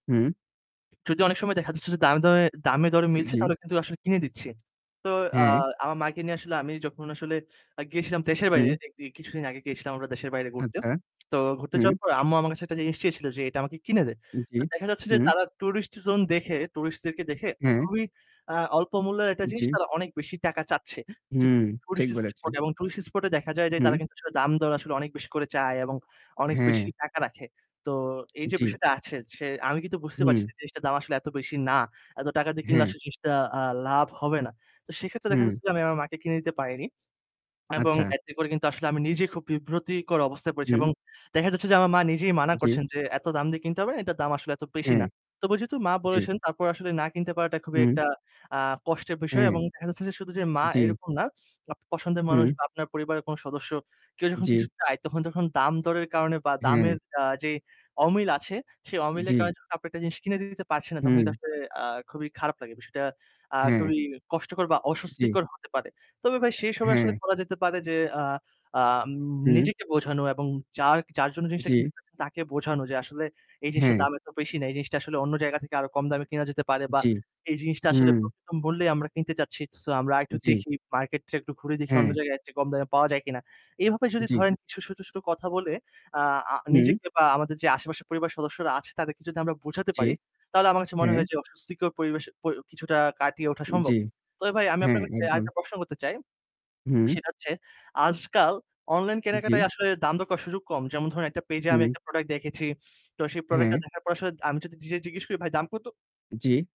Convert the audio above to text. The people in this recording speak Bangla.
হুম। যদি অনেক সময় দেখা যাচ্ছে যে দামে দরে দামে দরে মিলছে জি। তাহলে কিন্তু আসলে কিনে দিচ্ছি। তো আ হ্যাঁ। আমার মাকে নিয়ে আসলে আমি যখন আসলে আ গিয়েছিলাম দেশের বাইরে হুম। দেখতে কিছুদিন আগে গিয়েছিলাম আমরা দেশের বাইরে ঘুরতে। আচ্ছা। তো ঘুরতে যাওয়ার হুম। পরে আম্মু আমার কাছে একটা জিনিস চেয়েছিল যে, "এটা আমাকে কিনে দে।" জি। তো দেখা যাচ্ছে যে হুম। তারা tourist zone দেখে tourist-দেরকে দেখে হ্যাঁ। খুবই, আ অল্প মূল্যের একটা জিনিস জি। তারা অনেক বেশি টাকা চাচ্ছে। যেহেতু হুম। ঠিক tourist spot বলেছেন। এবং tourist spot এ দেখা যায় যে তারা হুম। কিন্তু আসলে দামদর আসলে অনেক বেশি করে চায় এবং অনেক বেশি হ্যাঁ। টাকা রাখে। তো এই যে জি। বিষয়টা আছে সে আমি কিন্তু বুঝতে হুম। পারছি যে জিনিসটার দাম আসলে এত বেশি না। এত টাকা দিয়ে কিনলে হ্যাঁ। আসলে জিনিসটা আ লাভ হবে না। তো সেক্ষেত্রে দেখা হুম। যাচ্ছে যে আমি আমার মাকে কিনে দিতে পারিনি। এবং আচ্ছা। এতে করে কিন্তু আসলে আমি নিজেই খুব বিব্রতকর অবস্থায় পড়েছি এবং হুম। দেখা যাচ্ছে যে আমার মা নিজেই মানা জি। করছেন যে, "এত দাম দিয়ে কিনতে হবে না।" এটার দাম আসলে এত বেশি হ্যাঁ। না। তবে যেহেতু মা জি। বলেছেন তারপর আসলে না কিনতে পারাটা খুবই হুম। একটা আ কষ্টের বিষয় হ্যাঁ। এবং দেখা যাচ্ছে যে শুধু যে মা জি। এরকম না, আপনার পছন্দের মানুষ হুম। বা আপনার পরিবারের কোন সদস্য কেউ যখন জি। কিছু চায় তখন যখন দামদরের কারণে বা দামের হ্যাঁ। আ যে অমিল আছে, সে অমিলের জি। কারণে যখন আপনি একটা জিনিস কিনে দিতে পারছেন না তখন কিন্তু হুম। আসলে আ খুবই খারাপ লাগে। বিষয়টা আ হ্যাঁ। খুবই কষ্টকর বা জি। অস্বস্তিকর হতে পারে। তবে ভাই, সেই সময় আসলে হ্যাঁ। করা যেতে পারে যে আ আম হুম। নিজেকে বোঝানো এবং যার যার জন্য জিনিসটা জি। কিনতেছেন তাকে বোঝানো যে, "আসলে এই জিনিসটার হ্যাঁ। দাম এত বেশি না। এই জিনিসটা আসলে অন্য জায়গা থেকে আরও কম দামে কিনা যেতে পারে বা জি। এই জিনিসটা আসলে হুম। খুব কম মূল্যেই আমরা কিনতে চাচ্ছি। সো, আমরা একটু জি। দেখি, মার্কেটটা একটু ঘুরে দেখি অন্য হ্যাঁ। জায়গায় এর চেয়ে কম দামে পাওয়া যায় কিনা।" এভাবে যদি জি। ধরেন কিছু ছোট, ছোট কথা বলে আ আ হুম। নিজেকে বা আমাদের যে আশেপাশের পরিবারের সদস্যরা আছে তাদেরকে যদি আমরা বোঝাতে জি। পারি তাহলে আমার কাছে মনে হ্যাঁ। হয় যে অস্বস্তিকর পরিবেশ প কিছুটা কাটিয়ে ওঠা জি। সম্ভব। তবে ভাই আমি হ্যাঁ, আপনার কাছে একদম। আরেকটা প্রশ্ন করতে চাই। হুম। সেটা হচ্ছে আজকাল অনলাইন জি। কেনাকাটায় আসলে দাম দর করার সুযোগ কম। যেমন ধরেন একটা পেইজে আমি হুম। একটা product দেখেছি। তো সেই productটা হ্যাঁ। দেখার পর আসলে আমি যদি ডিরেক্ট জিজ্ঞেস করি, "ভাই দাম কত?" জি।